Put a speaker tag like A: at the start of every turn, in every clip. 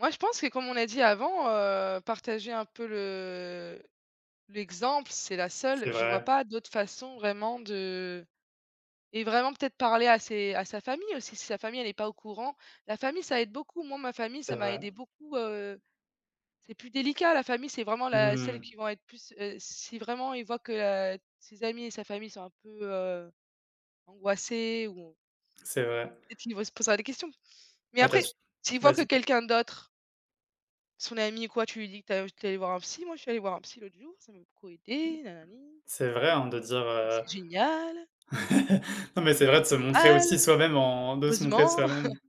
A: Moi, je pense que, comme on a dit avant, heu, partager un peu le l'exemple, c'est la seule
B: C'est
A: je vois
B: vrai.
A: pas d'autres façons, vraiment, de et vraiment, peut-être, parler à ses à sa famille aussi, si sa famille, elle est pas au courant. La famille, ça aide beaucoup, moi, ma famille,
B: C'est
A: ça m'a
B: vrai.
A: aidée beaucoup, heu. C'est plus délicat, la famille, c'est vraiment la
B: Mmh
A: celles qui
B: mh.
A: vont être plus heu, si vraiment ils voient que, heu, ses amis et sa famille sont un peu, heu, angoissés ou
B: C'est vrai.
A: peut-être qu'ils devraient se posera des questions. Mais
B: Bah, tu
A: après,
B: as s
A: s'ils voient que
B: vas-y.
A: quelqu'un d'autre son ami, quoi, tu lui dis que tu es tu es allé voir un psy: «Moi je suis allé voir un psy l'autre jour, ça m'a beaucoup aidé, nanani»
B: C'est vrai, hein, de dire,
A: «c'est
B: heu
A: c'est génial»
B: non, mais c'est vrai, de
A: «c'est
B: se montrer
A: pas
B: aussi
A: mal!
B: soi-même en de se montrer
A: Heureusement!»
B: soi-même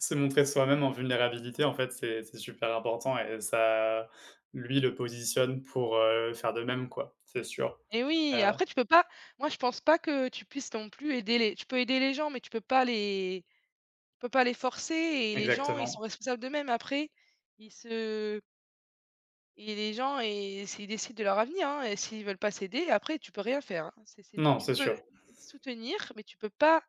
B: se montrer soi-même en vulnérabilité, en fait, c'est c'est super important et ça lui, le positionne pour, heu, faire de même, quoi. C'est sûr.
A: Et oui! Et
B: Heu
A: après, tu peux pas. Moi, je pense pas que tu puisses non plus aider les tu peux aider les gens, mais tu peux pas les tu peux pas les forcer et les gens, ils sont
B: Exactement.
A: responsables d'eux-mêmes, après, ils se et les gens et c'est ils décident de leur avenir, hein, et s'ils veulent pas s'aider, après tu peux rien faire, hein. C'est c'est
B: Non,
A: tu
B: c'est
A: peux
B: sûr.
A: soutenir, mais tu peux pas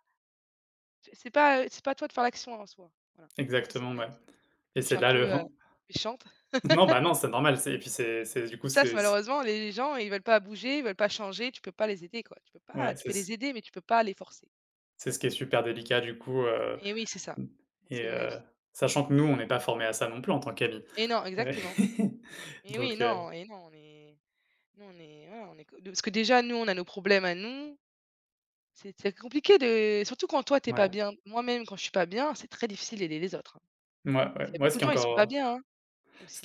A: c'est c'est pas, heu, c'est pas à toi de faire l'action en soi, voilà. C'est c'est
B: Exactement,
A: mon avis.
B: ouais.
A: En
B: Et
A: plus, je suis
B: c'est
A: un
B: là, le
A: peu, heu,
B: ran
A: méchante!
B: non, bah, non, c'est normal, c'est et puis c'est c'est, du
A: Et
B: coup,
A: ça, c'est
B: c'est c
A: malheureusement, les gens, ils veulent pas bouger, ils veulent pas changer, tu peux pas les aider, quoi. Tu peux pas
B: Ouais,
A: tu
B: c'est
A: peux
B: s
A: les aider, mais tu peux pas les forcer.
B: C'est ce qui est super délicat, du coup, heu,
A: Et oui, c'est ça,
B: m et
A: c'est mon
B: heu,
A: avis.
B: sachant que nous, on n'est pas formés à ça non plus, en tant qu'amis.
A: Et non,
B: Heu
A: exactement. Et oui,
B: donc, heu
A: non et non, on est, nous on est, voilà, on est co parce que, déjà, nous, on a nos problèmes à nous. C'est c'est c'est compliqué de surtout quand toi, tu es pas
B: Mouais.
A: bien. Moi, même quand je suis pas bien, c'est très difficile d'aider les autres, hein.
B: Mouais, ouais,
A: C'est il y a
B: ouais,
A: beaucoup
B: ce
A: de
B: qui est
A: gens, ils sont pas
B: encore
A: bien, hein,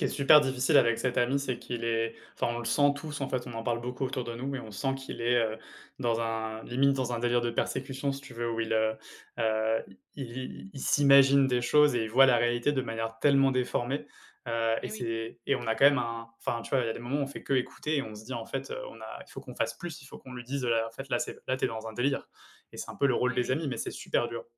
B: ce qui est
A: hein.
B: super difficile avec cet ami, c'est qu'il est, enfin, on le sent tous, en fait, on en parle beaucoup autour de nous, mais on sent qu'il est, heu, dans un limite dans un délire de persécution, si tu veux, où il heu, heu, i i i il s'imagine des choses et il voit la réalité de manière tellement déformée, heu et
A: Et oui.
B: c'est et on a quand même un, enfin, tu vois, il y a des moments où on fait que écouter et on se dit, en fait, heu, on a il faut qu'on fasse plus, il faut qu'on lui dise, heu: «En fait, là, c'est là, tu es dans un délire» et c'est un peu le rôle
A: Et
B: des
A: oui.
B: amis, mais c'est super dur.